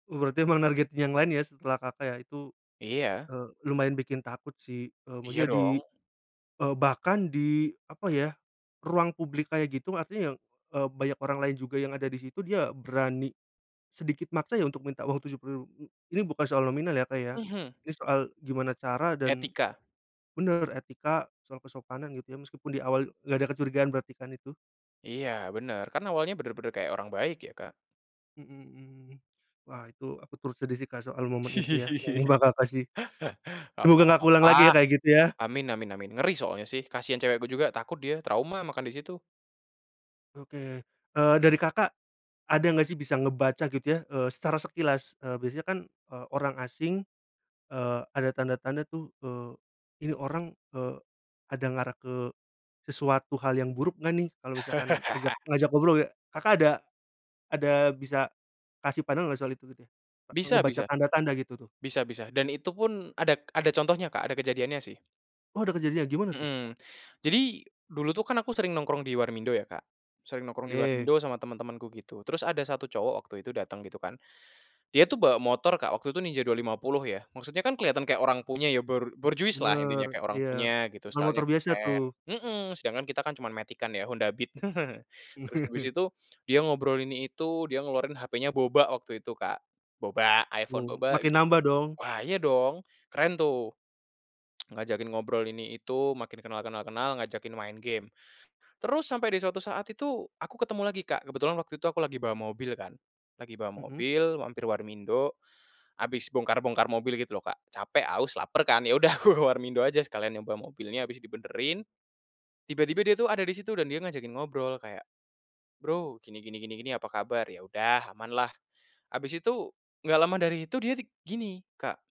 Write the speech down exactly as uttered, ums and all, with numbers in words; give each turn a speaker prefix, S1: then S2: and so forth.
S1: Oh berarti emang nargetin yang lain ya setelah Kakak ya itu,
S2: Iya.
S1: eee, lumayan bikin takut sih, eee,
S2: Iya
S1: maksudnya di,
S2: dong.
S1: eee, bahkan di apa ya, ruang publik kayak gitu artinya, eee, banyak orang lain juga yang ada di situ dia berani, sedikit maksa ya untuk minta uang tujuh puluh ribu ini bukan soal nominal ya Kak ya,
S2: Mhm.
S1: ini soal gimana cara dan,
S2: Etika.
S1: bener etika soal kesopanan gitu ya meskipun di awal gak ada kecurigaan berarti kan itu.
S2: Iya bener kan awalnya bener-bener kayak orang baik ya Kak.
S1: Mhm mhm, wah itu aku turut sedih sih Kak soal momen itu ya, [unintelligible]
S2: Gak
S1: semoga gak keulang
S2: apa-apa,
S1: lagi ya kayak gitu ya.
S2: amin amin amin ngeri soalnya sih kasian cewek gue juga takut dia trauma makan di situ.
S1: Oke, eee, dari Kakak, ada gak sih bisa ngebaca gitu ya, eee, secara sekilas, eee, biasanya kan, eee, orang asing, eee, ada tanda-tanda tuh, eee, ini orang, eee, ada ngarah ke, sesuatu hal yang buruk gak nih kalau misalkan ngajak ngajak ngobrol ya Kakak ada, ada bisa, kasih pandangan gak soal itu gitu?
S2: Bisa
S1: Ngebaca
S2: bisa,
S1: tanda-tanda gitu tuh?
S2: bisa bisa dan itu pun ada ada contohnya Kak ada kejadiannya sih.
S1: Oh ada kejadian gimana tuh?
S2: Mhm, jadi, dulu tuh kan aku sering nongkrong di warmindo ya Kak, sering nongkrong di
S1: Oke.
S2: warmindo sama teman-temanku gitu terus ada satu cowok waktu itu datang gitu kan, dia tuh bawa motor Kak waktu itu Ninja dua lima puluh ya maksudnya kan kelihatan kayak orang punya ya bor borjuislah
S1: Bener
S2: intinya kayak orang
S1: iya,
S2: punya gitu
S1: bukan motor
S2: style-nya
S1: biasa
S2: keren,
S1: tuh.
S2: mhm, sedangkan kita kan cuman matic-an ya Honda Beat terus habis itu dia ngobrol ini itu dia ngeluarin hapenya boba waktu itu Kak, boba iPhone
S1: Oh
S2: boba,
S1: makin nambah dong.
S2: wah iya dong keren tuh, ngajakin ngobrol ini itu makin kenal kenal kenal ngajakin main game, terus sampai di suatu saat itu aku ketemu lagi Kak kebetulan waktu itu aku lagi bawa mobil kan, lagi bawa
S1: Mhm.
S2: mobil mampir warmindo, habis bongkar-bongkar mobil gitu loh Kak capek, haus, laper kan ya udah aku ke warmindo aja sekalian nyoba mobilnya abis dibenerin, tiba-tiba dia tuh ada di situ dan dia ngajakin ngobrol kayak, bro gini gini gini gini apa kabar ya udah amanlah, habis itu gak lama dari itu dia gini, Kak.